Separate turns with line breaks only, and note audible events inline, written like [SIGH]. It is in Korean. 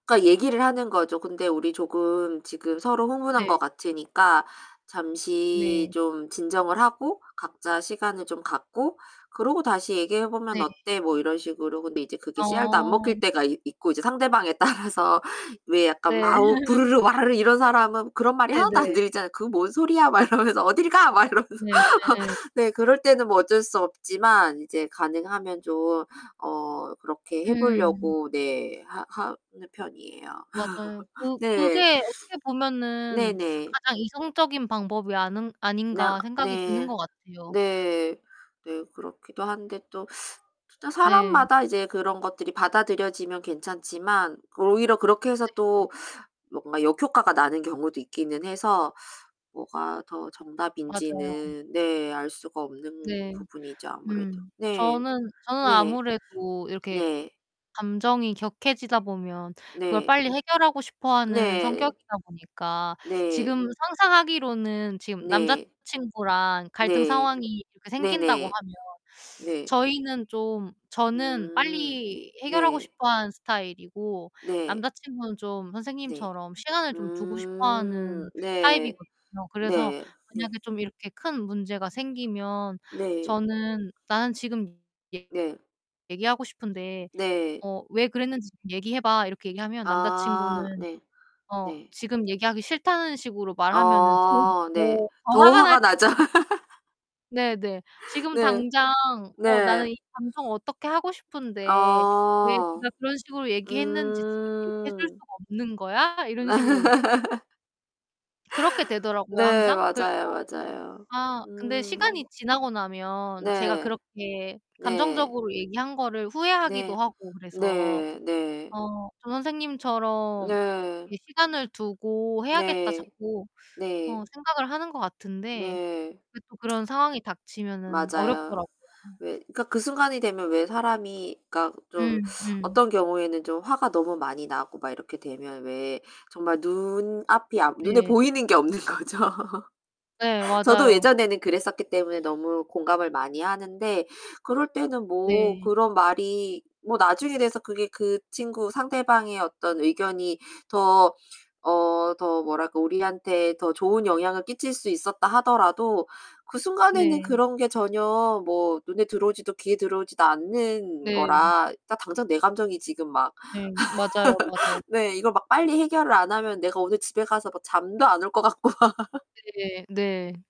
그러니까 얘기를 하는 거죠. "근데 우리 조금 지금 서로 흥분한 것
네.
같으니까 잠시
네.
좀 진정을 하고 각자 시간을 좀 갖고 그러고 다시 얘기해 보면
네.
어때?" 뭐 이런 식으로. 근데 이제 그게 씨알도 안
어.
먹힐 때가 있 있고 이제 상대방에 따라서 왜 약간
네.
마우
[LAUGHS]
부르르 와르르 이런 사람은 그런 말이 하나도 안
네네.
들리잖아요. "그 뭔 소리야?" 막 이러면서 "어딜 가?" 막 이러면서.
네네, 예예.
네. 그럴 때는 뭐 어쩔 수 없지만 이제 가능하면 좀 어 그렇게 해
음.
보려고 네. 하 하는 편이에요.
맞아요.
[LAUGHS]
그
네.
그게 어떻게 보면은'
네네.
가장 이성적인 방법이 아는
나
아닌가.' 생각이 드는
네.
것 같아요.
네. 네 그렇기도 한데 또 [SUCKS TEETH] 진짜
네.
사람마다 이제 그런 것들이 받아들여지면 괜찮지만 오히려 그렇게 해서
네 네.
또 뭔가 역효과가 나는 경우도 있기는 해서 뭐가 더
맞아요.
정답인지는 네. 알 수가 없는
네.
부분이죠, 아무래도.
음.
네.
저는 저는
네.
아무래도 이렇게
네.
감정이 격해지다 보면 그걸
네.
빨리 해결하고 싶어하는
네.
성격이다 보니까
네.
지금 상상하기로는 지금
네.
남자친구랑 갈등
네.
상황이 이렇게 생긴다고
네네.
하면 [SUCKS TEETH]
네.
저희는 좀 저는
음. 네
빨리 해결하고
네.
싶어하는 스타일이고
네.
남자친구는 좀
네.
선생님처럼 시간을 좀 두고 싶어
음.
하는
네.
타입이거든요. 그래서
네. 네.
만약에 좀 이렇게 큰 문제가 생기면
네.
저는 "나는 지금 얘
네.
얘기하고 싶은데
네.
어 왜 그랬는지 좀 얘기해 봐." 이렇게 얘기하면
아
남자친구는
네.
어
네.
지금 얘기하기 싫다는 식으로 말하면은 그게
어 네.
더 더
더
화가 날
화가
때가
나죠.
있고 네 네.
[LAUGHS]
"지금
네.
당장 어 나는
네.
이 감정을 어떻게 하고 싶은데 왜
아.
니가 그런 식으로 얘기했는지 지금 얘기해 줄
음.
수가 없는 거야?" 이런 식으로.
[LAUGHS]
그렇게 되더라고요
네
항상. 그래서
맞아요, 맞아요.
아 근데
음.
시간이 지나고 나면 제가
네.
그렇게
네.
감정적으로 얘기한 거를
네.
후회하기도 하고 그래서
네. 네.
어 전 선생님처럼
네.
이 '시간을 두고 해야겠다.'
네,
자꾸 어
네.
생각을 하는 것 같은데
네.
근데 또 그런 상황이 닥치면은
맞아요.
어렵더라고요.
왜 그러니까 그 순간이 되면 왜 사람이 그러니까 좀 [SUCKS TEETH]
음 음.
어떤 경우에는 좀 화가 너무 많이 나고 막 이렇게 되면 왜 정말 눈앞이 안 눈에
네.
보이는 게 없는 거죠.
네
저도
맞아요.
예전에는 그랬었기 때문에 너무 공감을 많이 하는데 그럴 때는 뭐
네.
그런 말이 뭐 나중에 돼서 그게 그 친구 상대방의 어떤 의견이 더 어 더 뭐랄까 우리한테 더 좋은 영향을 끼칠 수 있었다 하더라도 그 순간에는
네.
그런 게 전혀 뭐 눈에 들어오지도 귀에 들어오지도 않는
네.
거라 딱 당장 내 감정이 지금 막
네. 맞아요, 맞아요.
[LAUGHS] 네. 이걸 막 빨리 해결을 안 하면 내가 오늘 집에 가서 막 잠도 안 올 것 같고 막
네, 네.